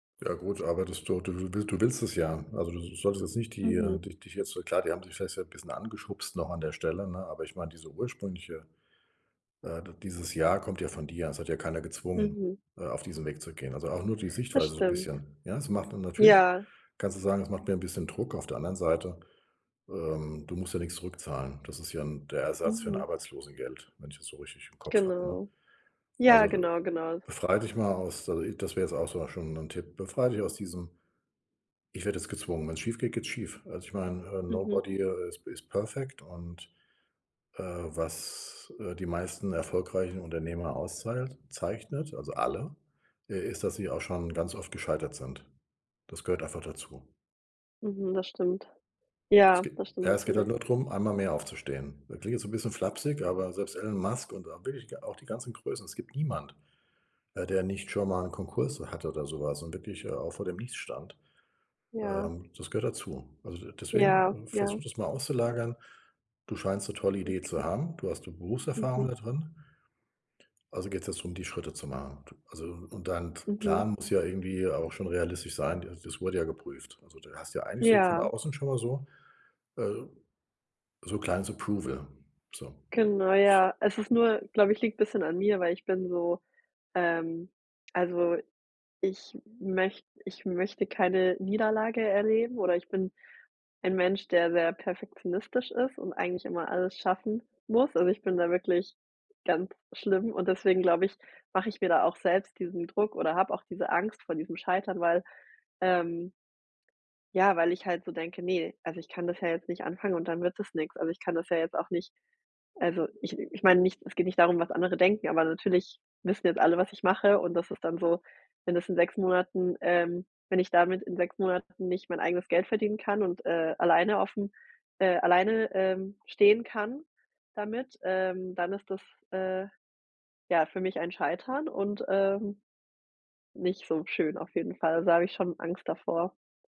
Ja gut, aber das du du du will du willst es ja. Also, du so solltest jetzt nicht die Mhm. dich dich jetzt so klar, die haben dich vielleicht ja so 'n bisschen angeschubst noch an der Stelle, ne, aber ich meine, diese ursprüngliche äh, d dieses ja, kommt ja von dir. Es hat ja keiner gezwungen, Mhm. äh, auf diesen Weg zu gehen. Also, auch nur die Das Sichtweise so 'n stimmt, bisschen, ja? Es macht dann natürlich ja. kannst du sagen, es macht mir 'n bisschen Druck, auf der anderen Seite ähm, du musst ja nix zurückzahlen, das ist ja 'n der Ersatz für 'n Mhm. Arbeitslosengeld, wenn ich das so richtig im Kopf habe, ne? Genau. Ja, Also, du genau, genau. befrei dich mal aus der das wäre jetzt auch sogar schon 'n Tipp. Befrei dich aus diesem: „Ich werde jetzt gezwungen“, wenn's schiefgeht, geht's schief. Also, ich meine, äh, Mhm. Nobody, äh, is p is perfect und, äh, was, äh, die meisten erfolgreichen Unternehmer auszahlt zeichnet, also, alle, äh, ist, dass sie auch schon ganz oft gescheitert sind. Das gehört einfach dazu. Mhm, das stimmt. Es Ja geht das stimmt ja, es geht halt natürlich. nur darum, einmal mehr aufzustehen. Das klingt jetzt so 'n bisschen flapsig, aber selbst Elon Musk und, äh wirklich auch die ganzen Größen, es gibt niemand, äh, der nicht schon mal 'nen Konkurs hatte oder so was und wirklich, äh, auch vor dem Nichts stand, Ja. ähm, das gehört dazu. Also, de deswegen, Ja, äh, ja. versuch das mal auszulagern. Du scheinst 'ne tolle Idee zu Okay. haben. Du hast 'ne Berufserfahrung Mhm. da drin. Also, geht's jetzt darum, die Schritte zu machen, du also, und dein t Mhm. Plan muss ja irgendwie auch schon realistisch sein, d das wurde ja geprüft. Also, du hast ja eigentlich so von Ja. außen schon mal so äh, so kleines Approval, so, Genau s ja, es ist nur glaube ich, liegt 'n bisschen an mir, weil ich bin so ähm, also, ich möcht ich möchte keine Niederlage erleben oder ich bin ein Mensch, der sehr perfektionistisch ist und eigentlich immer alles schaffen muss. Also, ich bin da wirklich ganz schlimm und deswegen glaube ich, mache ich mir da auch selbst diesen Druck oder habe auch diese Angst vor diesem Scheitern, weil, ähm ja, weil ich halt so denke: „Ne? Also, ich kann das ja jetzt nicht anfangen und dann wird das nix.“ Also, ich kann das ja jetzt auch nicht also, ich ich meine nicht es geht nicht darum, was andere denken, aber natürlich wissen jetzt alle, was ich mache und das ist dann so, wenn das in 6 Monaten, ähm wenn ich damit in 6 Monaten nicht mein eigenes Geld verdienen kann und, äh, alleine aufm äh, alleine, ähm, stehen kann damit, ähm, dann ist das, äh, ja für mich ein Scheitern und, ähm, nicht so schön auf jeden Fall. Da habe ich schon Angst davor.